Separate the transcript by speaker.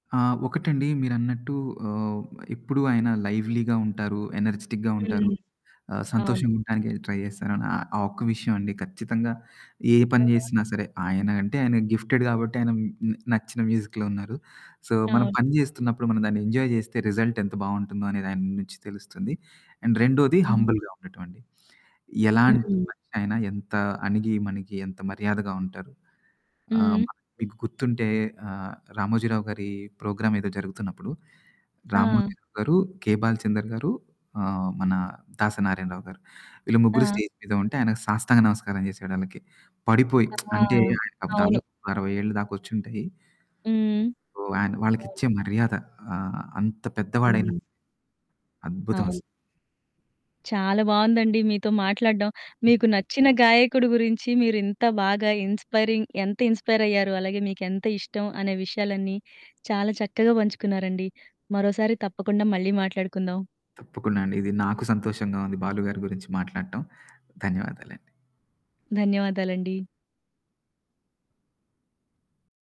Speaker 1: ఆ! ఒకటండి మీరన్నట్టు ఆహ్, ఎప్పుడు ఆయన లైవ్లీగా ఉంటారు. ఎనర్జిటిక్‌గా ఉంటారు.
Speaker 2: హ్మ్.
Speaker 1: ఆహ్,
Speaker 2: అవును.
Speaker 1: సంతోషంగా ఉండడాానికి ట్రై చేస్తాను. ఆహ్, ఆ ఒక్క విషయం అండి. ఖచ్చితంగా ఏ పని
Speaker 2: ఆ!
Speaker 1: చేసినా సరే, ఆయన అంటే, ఆయన గిఫ్టెడ్ గాబట్టి, ఆయన మ్ నచ్చిన మ్యూజిక్‌లో ఉన్నారు. సో, మనం
Speaker 2: అవును.
Speaker 1: పని చేేస్తున్నప్పుడు మన దాన్ని ఎంజాయ్ జేస్తే, రిజల్ట్ ఎంత బావుంటుందో, అనేది ఆయన నుంచి తెలుస్తుంది. అండ్ రెండోది
Speaker 2: హ్మ్.
Speaker 1: హంబుల్‌గా ఉండటంఅండి. ఎలాంటి
Speaker 2: హ్మ్.
Speaker 1: మనిషి ఆయినా, ఎంత అణిగి మణగి ఎంత మర్యాదగా ఉంటారు. ఆహ్,
Speaker 2: హ్మ్.
Speaker 1: మన మీకు గుర్తుంటే ఆహ్, 'రామోజీరావుగారి' ప్రోగ్రామ్ ఏదో జరుగుతున్నప్పుడు.
Speaker 2: ఆ!
Speaker 1: 'రామోజీ రావుగారు' 'కేె బాల్చందర్‌గారు' ఆహ్, మన 'దాసనారాయణరావుగారు' వీళ్ళు ముగ్గురు
Speaker 2: ఆ!
Speaker 1: స్టేజ్ మీద ఉంటే, ఆయనకు సాష్టాంగ నమస్కారం చేసాడాళ్ళకి. పడిపోయి
Speaker 2: ఆ!
Speaker 1: అంటే ఆయనకు
Speaker 2: అవును.
Speaker 1: దాదాపు 60 ఏళ్ళు దాకొచ్చుంటాయి.
Speaker 2: హ్మ్.
Speaker 1: ఓహ్! ఆయన
Speaker 2: అవును.
Speaker 1: వాళ్ళకిచ్చే మర్యాద. ఆహ్, అంత పెద్దవాడైనా
Speaker 2: హ్మ్.
Speaker 1: అద్భుతం అసలా.
Speaker 2: అవును. చాలా బావుందండి. మీతో మాట్లాడం. మీకు నచ్చిన గాయకుడు గురించి మీరు ఇంత బాగా ఇన్‌స్పైరింగ్ ఎంత ఇన్‌స్పైరయ్యారు, అలాగే మీకెంతిష్టం, అనే విషయాలన్నీ చాలా చక్కగా పంచుకున్నారండి. మరోసారి తప్పకుండా మళ్ళీ మాట్లాడుకుందాం.
Speaker 1: తప్పకుండా అండి. ఇది నాకు సంతోషంగా ఉంది. 'బాలుగారి' గురించి మాట్లాటం. ధన్యవాదాలండి.
Speaker 2: ధన్యవాదాలండి.